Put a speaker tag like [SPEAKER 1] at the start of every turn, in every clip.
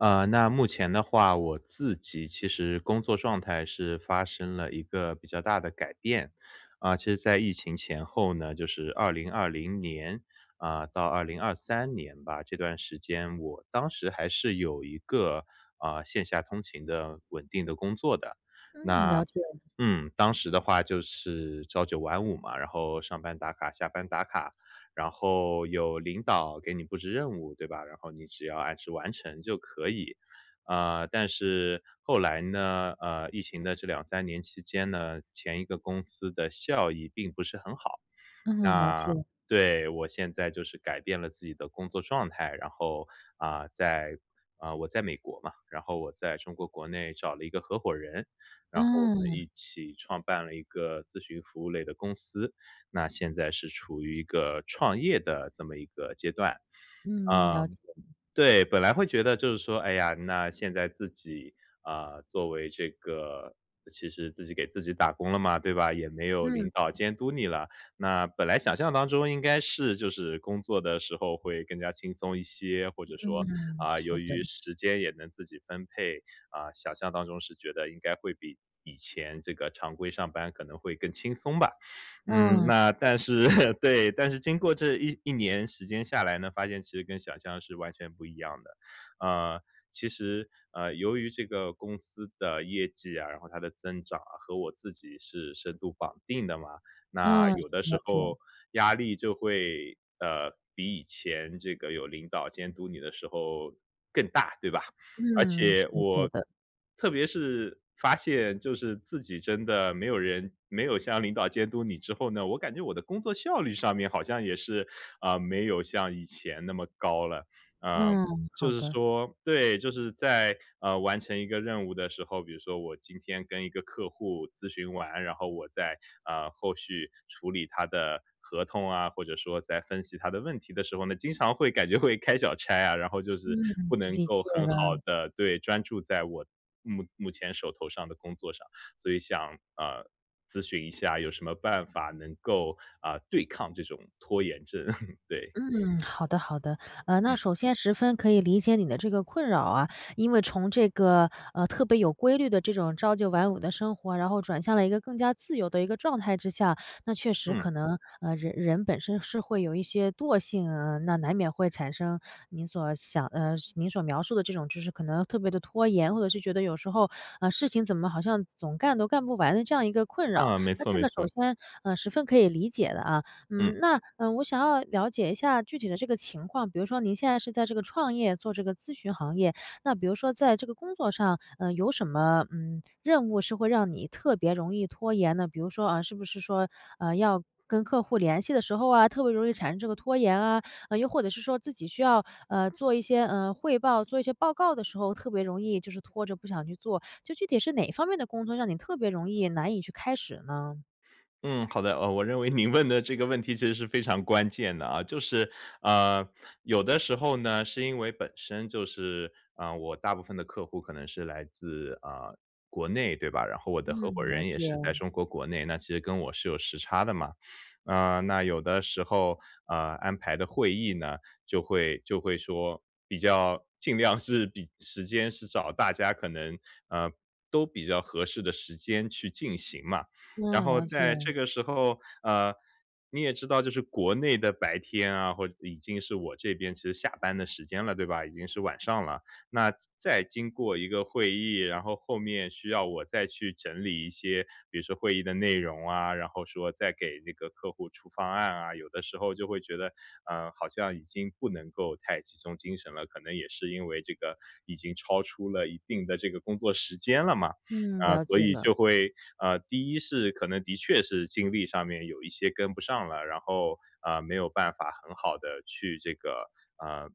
[SPEAKER 1] 啊，那目前的话，我自己其实工作状态，是发生了一个比较大的改变。啊，其实在疫情前后呢，就是2020年，啊，到2023年吧，这段时间，我当时还是有一个，呃，线下通勤的、稳定的工作的。
[SPEAKER 2] 嗯，
[SPEAKER 1] 那
[SPEAKER 2] 了解。
[SPEAKER 1] 嗯，当时的话就是朝9晚5嘛，然后上班打卡、下班打卡，然后有领导给你布置任务，对吧？然后你只要按时完成就可以。啊，但是后来呢，呃，疫情的这2-3年期间呢，前一个公司的效益并不是很好，
[SPEAKER 2] 嗯，了
[SPEAKER 1] 那
[SPEAKER 2] 解。
[SPEAKER 1] 对，我现在就是改变了自己的工作状态，然后，啊，在啊，我在美国嘛，然后我在中国国内找了一个合伙人，然后我们
[SPEAKER 2] 嗯。
[SPEAKER 1] 一起创办了一个咨询服务类的公司，那现在是处于一个创业的这么一个阶段。
[SPEAKER 2] 嗯，
[SPEAKER 1] 啊，
[SPEAKER 2] 了解。
[SPEAKER 1] 对，本来会觉得就是说，哎呀，那现在自己，啊，作为这个其实自己给自己打工了嘛，对吧，也没有
[SPEAKER 2] 嗯。
[SPEAKER 1] 领导监督你了，那本来想象当中，应该是就是工作的时候会更加轻松一些，或者
[SPEAKER 2] 嗯，
[SPEAKER 1] 说，
[SPEAKER 2] 嗯，
[SPEAKER 1] 啊，由
[SPEAKER 2] 是
[SPEAKER 1] 于
[SPEAKER 2] 的。
[SPEAKER 1] 时间也能自己分配，啊，想象当中是觉得，应该会比以前这个常规上班，可能会更轻松吧。嗯，
[SPEAKER 2] 嗯，是
[SPEAKER 1] 那
[SPEAKER 2] 的。
[SPEAKER 1] 但是 对，但是经过这一一年时间下来呢，发现其实跟想象是完全不一样的。呃，其实呃，由于这个公司的业绩啊，然后它的增长啊和我自己是深度绑定的嘛，那
[SPEAKER 2] 嗯，
[SPEAKER 1] 有的
[SPEAKER 2] 了
[SPEAKER 1] 时
[SPEAKER 2] 解。
[SPEAKER 1] 候压力就会，呃，比以前这个有领导监督你的时候更大，对吧？而
[SPEAKER 2] 嗯，是
[SPEAKER 1] 且我
[SPEAKER 2] [unintelligible] 的。
[SPEAKER 1] 特别是发现就是自己真的没有人没有像领导监督你之后呢，我感觉我的工作效率上面，好像也是，啊，没有像以前那么高了。呃，
[SPEAKER 2] 嗯，
[SPEAKER 1] 就
[SPEAKER 2] 好
[SPEAKER 1] 是
[SPEAKER 2] 的。
[SPEAKER 1] 说对，就是在，呃，完成一个任务的时候，比如说我今天跟一个客户咨询完，然后我在，啊，后续处理他的合同啊，或者说在分析他的问题的时候呢，经常会感觉会开小差啊，然后就是
[SPEAKER 2] 嗯，
[SPEAKER 1] 不能
[SPEAKER 2] 理
[SPEAKER 1] 够
[SPEAKER 2] 解
[SPEAKER 1] 很好
[SPEAKER 2] 了。
[SPEAKER 1] 的对，专注在我目目前手头上的工作上。所以想，呃，咨询一下有什么办法，能够，呃，对抗这种拖延症，对。
[SPEAKER 2] 嗯，好的好的。呃，那
[SPEAKER 1] 嗯。
[SPEAKER 2] 首先十分可以理解你的这个困扰啊，因为从这个，呃，特别有规律的这种朝9晚5的生活啊，然后转向了一个更加自由的一个状态之下，那确实
[SPEAKER 1] 嗯。
[SPEAKER 2] 可能呃，人人本身是会有一些惰性啊，那难免会产生您所想呃，是您所描述的这种就是可能特别地拖延。或者是觉得有时候，呃，事情怎么好像总干都干不完的这样一个困扰。
[SPEAKER 1] 啊，没
[SPEAKER 2] 那
[SPEAKER 1] 错
[SPEAKER 2] 这
[SPEAKER 1] 没
[SPEAKER 2] 个首
[SPEAKER 1] 错。
[SPEAKER 2] 先，呃，十分可以理解的啊。
[SPEAKER 1] 嗯。
[SPEAKER 2] 嗯，那，呃，我想要了解一下具体的这个情况，比如说您现在是在这个创业，做这个咨询行业，那比如说在这个工作上，呃，有什么，嗯，任务是会让你特别容易拖延呢？比如说，呃，是不是说，呃，要跟客户联系的时候啊，特别容易产生这个拖延啊，呃，又或者是说自己需要，呃，做一些，呃，汇报，做一些报告的时候，特别容易就是拖着不想去做，就具体是哪一方面的工作，让你特别容易难以去开始呢？
[SPEAKER 1] 嗯，好的。呃，我认为您问的这个问题，其实是非常关键的啊，就是，呃，有的时候呢，是因为本身就是呃，我大部分的客户，可能是来自，呃，国内对吧，然后我的合伙
[SPEAKER 2] 嗯，了
[SPEAKER 1] 人也是在
[SPEAKER 2] 解。
[SPEAKER 1] 中国国内，那其实跟我是有时差的嘛。啊，那有的时候，呃，安排的会议呢，就会就会说，比较尽量是比时间是找大家可能，呃，都比较合适的时间去进行嘛。然
[SPEAKER 2] 嗯，
[SPEAKER 1] 后
[SPEAKER 2] 了
[SPEAKER 1] 在这
[SPEAKER 2] 解。
[SPEAKER 1] 个时候，呃，你也知道就是国内的白天啊，或已经是我这边是下班的时间了，对吧，已经是晚上了。那再经过一个会议，然后后面需要我再去整理一些比如说会议的内容啊，然后说再给这个客户出方案啊，有的时候就会觉得，呃，好像已经不能够太集中精神了，可能也是因为这个已经超出了一定的这个工作时间了嘛。
[SPEAKER 2] 嗯，
[SPEAKER 1] 啊，
[SPEAKER 2] 了
[SPEAKER 1] 所
[SPEAKER 2] 解
[SPEAKER 1] 以
[SPEAKER 2] 了。
[SPEAKER 1] 就会啊，第一是可能的确是精力上面有一些跟不上了，然后，啊，没有办法很好地去这个啊，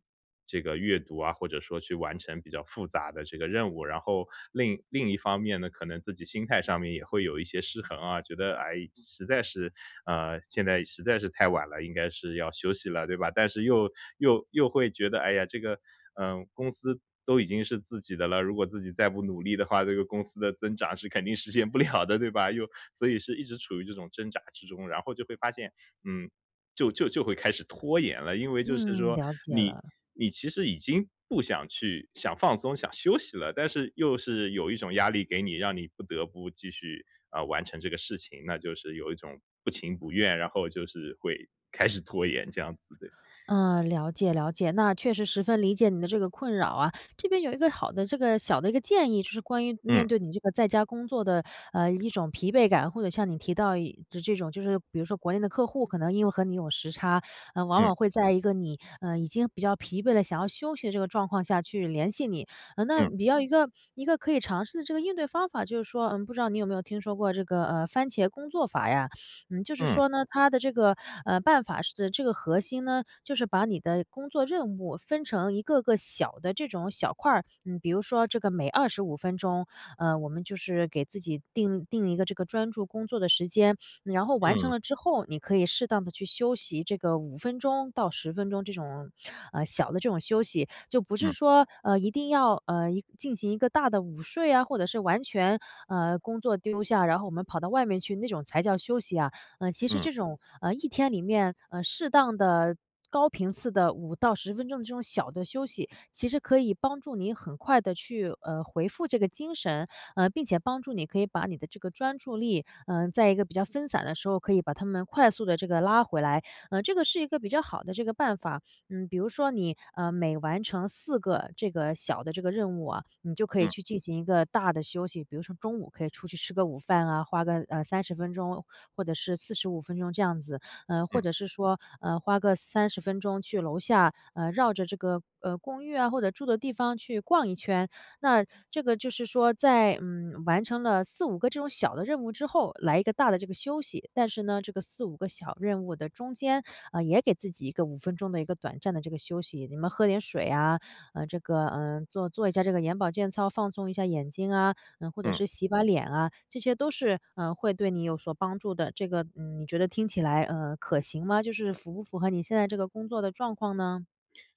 [SPEAKER 1] 这个阅读啊，或者说去完成比较复杂的这个任务。然后另一另一方面呢，可能自己心态上面也会有一些失衡啊，觉得：“哎，实在是啊，现在实在是太晚了，应该是要休息了。”对吧？但是又又又会觉得：“哎呀，这个嗯，公司都已经是自己的了，如果自己再不努力的话，这个公司的增长，是肯定实现不了的。”对吧？又所以是一直处于这种挣扎之中，然后就会发现嗯，就就就会开始拖延了，因为就是
[SPEAKER 2] 嗯，
[SPEAKER 1] 说，
[SPEAKER 2] 了解
[SPEAKER 1] 你
[SPEAKER 2] 了。
[SPEAKER 1] 你其实已经不想去想放松、想休息了，但是又是有一种压力给你，让你不得不继续，啊，完成这个事情，那就是有一种不情不愿，然后就是会开始拖延这样子，对。
[SPEAKER 2] 嗯，了解了解。那确实十分理解你的这个困扰啊。这边有一个好的这个小的一个建议，就是关于面
[SPEAKER 1] 嗯。
[SPEAKER 2] 对你这个在家工作的，呃，一种疲惫感，或者像你提到一就这种就是比如说国内的客户，可能因为和你有时差，呃，往
[SPEAKER 1] 嗯。
[SPEAKER 2] 往会在一个你，呃，已经比较疲惫了，想要休息的这个状况下，去联系你。呃，那
[SPEAKER 1] 嗯。
[SPEAKER 2] 你要一个一个可以尝试的这个应对方法，就是说，呃，不知道你有没有听说过这个，呃，番茄工作法呀。嗯，就是
[SPEAKER 1] 嗯。
[SPEAKER 2] 说呢，它的这个，呃，办法是，这个核心呢，就是把你的工作任务，分成一个个小的这种小块儿，嗯，比如说这个每25分钟，呃，我们就是给自己定定一个这个专注工作的时间，然后完成
[SPEAKER 1] 嗯。
[SPEAKER 2] 了之后，你可以适当地去休息这个5分钟到10分钟，这种呃，小的这种休息。就不是
[SPEAKER 1] 嗯。
[SPEAKER 2] 说，呃，一定要，呃，一进行一个大的午睡啊，或者是完全，呃，工作丢下，然后我们跑到外面去，那种才叫休息啊。呃，其实
[SPEAKER 1] 嗯。
[SPEAKER 2] 这种，呃，一天里面，呃，适当的高频次的5到10分钟这种小的休息，其实可以帮助你很快的去，呃，回复这个精神，呃，并且帮助你，可以把你的这个专注力，呃，在一个比较分散的时候，可以把它们快速地这个拉回来，呃，这个是一个比较好的这个办法。嗯，比如说你，呃，每完成4个这个小的这个任务啊，你就可以
[SPEAKER 1] 嗯。
[SPEAKER 2] 去进行一个大的休息，比如说中午可以出去吃个午饭啊，花个，呃，30分钟或者是45分钟这样子，呃，或
[SPEAKER 1] 嗯。
[SPEAKER 2] 者是说，呃，花个30分钟去楼下，呃，绕着这个，呃，公寓啊或者住的地方去逛一圈。那这个就是说在，嗯，完成了4-5个这种小的任务之后，来一个大的这个休息。但是呢，这个4-5个小任务的中间，呃，也给自己一个5分钟的一个短暂的这个休息，你们喝点水呀，呃，这个，呃，做做一下这个眼保健操放松一下眼睛啊，嗯，或者
[SPEAKER 1] 嗯。
[SPEAKER 2] 是洗把脸啊，这些都是，呃，会对你有所帮助的。这个，嗯，你觉得听起来，呃，可行吗？就是符不符合你现在这个工作的状况呢？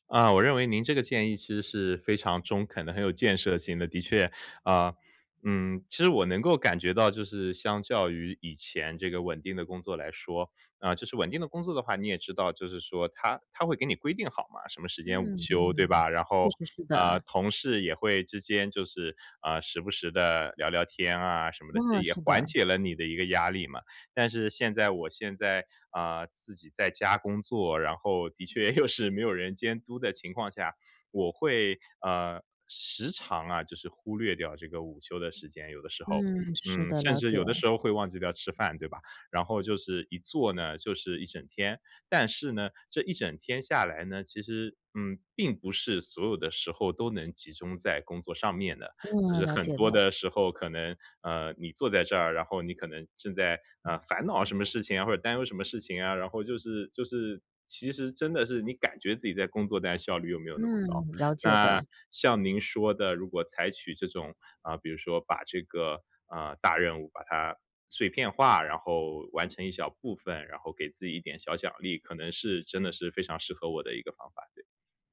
[SPEAKER 1] 啊，我认为您这个建议其实是非常中肯的、很有建设性的。的确啊，嗯，其实我能够感觉到就是相较于以前这个稳定的工作来说啊，就是稳定的工作的话，你也知道，就是说它它会给你规定好嘛，什么时间午
[SPEAKER 2] 嗯，
[SPEAKER 1] 休，对
[SPEAKER 2] 嗯，
[SPEAKER 1] 吧？然
[SPEAKER 2] 确
[SPEAKER 1] 后，
[SPEAKER 2] 实是
[SPEAKER 1] 呃，
[SPEAKER 2] 的。
[SPEAKER 1] 同事也会之间就是，呃，时不时地聊聊天啊什么的，其实
[SPEAKER 2] 呃，
[SPEAKER 1] 也
[SPEAKER 2] 是
[SPEAKER 1] 缓
[SPEAKER 2] 的。
[SPEAKER 1] 解了你的一个压力嘛。但是现在我现在，啊，自己在家工作，然后的确又是没有人监督的情况下，我会呃，时常啊，就是忽略掉这个午休的时间，有的时候。
[SPEAKER 2] 嗯，是
[SPEAKER 1] 嗯，
[SPEAKER 2] 的，
[SPEAKER 1] 甚
[SPEAKER 2] 了
[SPEAKER 1] 至有的
[SPEAKER 2] 解。
[SPEAKER 1] 时候会忘记掉吃饭，对吧？然后就是一坐呢，就是一整天。但是呢，这一整天下来呢，其实，嗯，并不是所有的时候都能集中在工作上面的。就是
[SPEAKER 2] 嗯，了
[SPEAKER 1] 很
[SPEAKER 2] 解
[SPEAKER 1] 多
[SPEAKER 2] 了。
[SPEAKER 1] 的时候，可能，呃，你坐在这儿，然后你可能正在，呃，烦恼什么事情啊，或者担忧什么事情啊，然后就是就是其实真的是你感觉自己在工作，但效率又没有
[SPEAKER 2] 嗯，
[SPEAKER 1] 那么高。
[SPEAKER 2] 了解
[SPEAKER 1] 那
[SPEAKER 2] 的。
[SPEAKER 1] 像您说的，如果采取这种啊，比如说把这个，呃，大任务把它碎片化，然后完成一小部分，然后给自己一点小奖励，可能是真的是非常适合我的一个方法，对。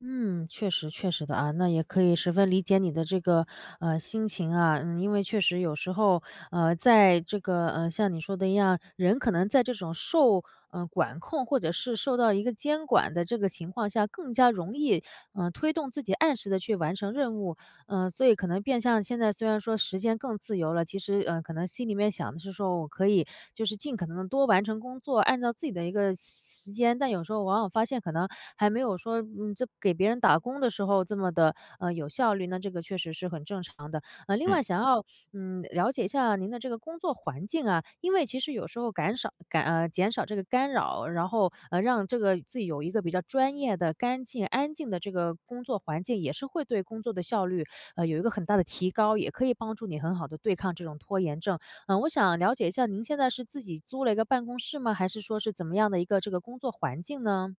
[SPEAKER 2] 嗯，确实确实的啊，那也可以十分理解你的这个，呃，心情啊。嗯，因为确实有时候，呃，在这个呃，像你说的一样，人可能在这种受，呃，管控或者是受到一个监管的这个情况下，更加容易，呃，推动自己按时地去完成任务。呃，所以可能变相现在虽然说时间更自由了，其实，呃，可能心里面想的是说我可以，就是尽可能地多完成工作，按照自己的一个时时间。但有时候往往发现可能，还没有说这给别人打工的时候这么地，呃，有效率，那这个确实是很正常的。呃，另
[SPEAKER 1] 嗯。
[SPEAKER 2] 外想要，嗯，了解一下您的这个工作环境啊，因为其实有时候感少感，呃减少这个干扰，然后，呃，让这个自己有一个比较专业的干净、安静的这个工作环境，也是会对工作的效率，呃，有一个很大的提高，也可以帮助你很好地对抗这种拖延症。呃，我想了解一下您现在是自己租了一个办公室吗？还是说是怎么样的一个这个工作环境呢？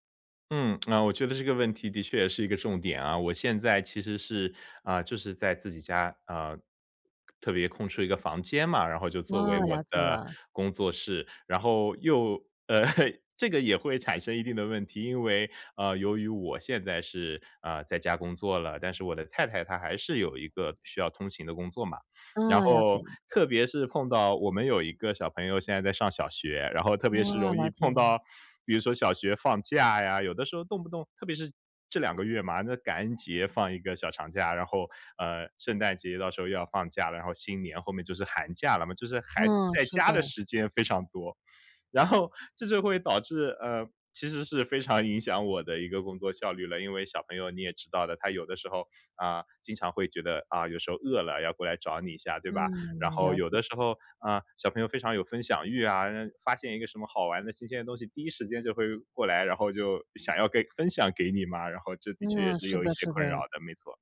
[SPEAKER 1] 嗯，那我觉得这个问题的确也是一个重点啊，我现在其实是，啊，就是在自己家，呃，特别空出一个房间嘛，然后就作
[SPEAKER 2] 哦，
[SPEAKER 1] 为我
[SPEAKER 2] 了解
[SPEAKER 1] 的
[SPEAKER 2] 了。
[SPEAKER 1] 工作室，然后又 这个也会产生一定的问题。因为，呃，由于我现在是，呃，在家工作了，但是我的太太她还是有一个需要通勤的工作嘛，然
[SPEAKER 2] 嗯，了
[SPEAKER 1] 后
[SPEAKER 2] 解。
[SPEAKER 1] 特别是碰到我们有一个小朋友现在在上小学，然后特别是
[SPEAKER 2] 哦，
[SPEAKER 1] 容易
[SPEAKER 2] 了解
[SPEAKER 1] 碰
[SPEAKER 2] 了。
[SPEAKER 1] 到，比如说小学放假呀，有的时候动不动特别是这2个月嘛，那感恩节放一个小长假，然后，呃，圣诞节到时候又要放假，然后新年后面就是寒假了嘛，就是孩子
[SPEAKER 2] 嗯，
[SPEAKER 1] 在
[SPEAKER 2] 是
[SPEAKER 1] 家的
[SPEAKER 2] 的。
[SPEAKER 1] 时间非常多。然后这就会导致，呃，其实是非常影响我的一个工作效率了。因为小朋友你也知道的，他有的时候，啊，经常会觉得啊，有时候饿了，要过来找你一下，对吧？然
[SPEAKER 2] 嗯，
[SPEAKER 1] 后
[SPEAKER 2] 了
[SPEAKER 1] 有的
[SPEAKER 2] 解。
[SPEAKER 1] 时候啊，小朋友非常有分享欲啊，呃，发现一个什么好玩的、新鲜的东西，第一时间就会过来，然后就想要给分享给你嘛，然后这的确也
[SPEAKER 2] 嗯，
[SPEAKER 1] 是
[SPEAKER 2] 是
[SPEAKER 1] 有一些
[SPEAKER 2] 的，是
[SPEAKER 1] 困扰
[SPEAKER 2] 的。
[SPEAKER 1] 的，没错。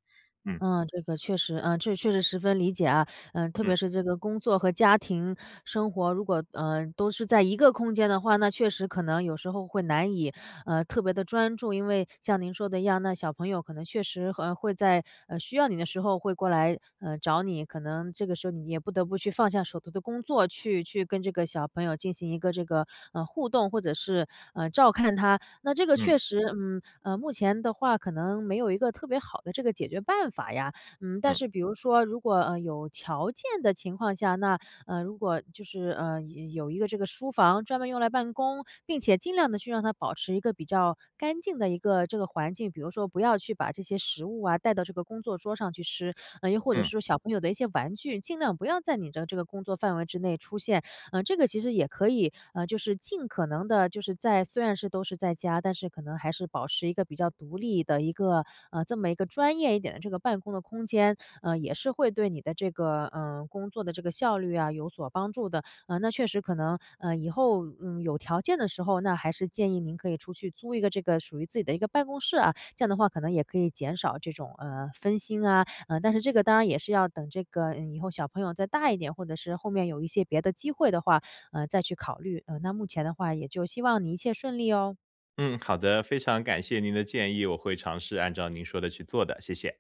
[SPEAKER 1] 嗯。
[SPEAKER 2] 嗯，这个确实，呃，确实十分理解啊。呃，特
[SPEAKER 1] 嗯。
[SPEAKER 2] 别是这个工作和家庭生活如果，呃，都是在一个空间的话，那确实可能有时候会难以，呃，特别地专注。因为像您说的一样，那小朋友可能确实和会在，呃，需要你的时候会过来，呃，找你，可能这个时候你也不得不去放下手头的工作，去去跟这个小朋友进行一个这个，呃，互动，或者是，呃，照看他。那这个确
[SPEAKER 1] 嗯。
[SPEAKER 2] 实，嗯，呃，目前的话可能没有一个特别好的这个解决办法呀。嗯，但
[SPEAKER 1] 嗯。
[SPEAKER 2] 是比如说如果呃，有条件的情况下，那，呃，如果就是，呃，有有一个这个书房专门用来办公，并且尽量地去让它保持一个比较干净的一个这个环境，比如说不要去把这些食物啊，带到这个工作桌上去吃，呃，又或者
[SPEAKER 1] 嗯。
[SPEAKER 2] 是小朋友的一些玩具，尽量不要在你的这个工作范围之内出现。嗯，这个其实也可以呃，就是尽可能的就是在虽然是都是在家，但是可能还是保持一个比较独立的一个，呃，这么一个专业一点的这个办公的空间，呃，也是会对你的这个，呃，工作的这个效率啊，有所帮助的。呃，那确实可能，呃，以后，嗯，有条件的时候，那还是建议您可以出去租一个这个属于自己的一个办公室啊，这样的话可能也可以减少这种，呃，分心啊。呃，但是这个当然也是要等这个以后小朋友再大一点，或者是后面有一些别的机会的话，呃，再去考虑。呃，那目前的话也就希望你一切顺利哦。
[SPEAKER 1] 嗯，好的，非常感谢您的建议，我会尝试按照您说的去做的，谢谢。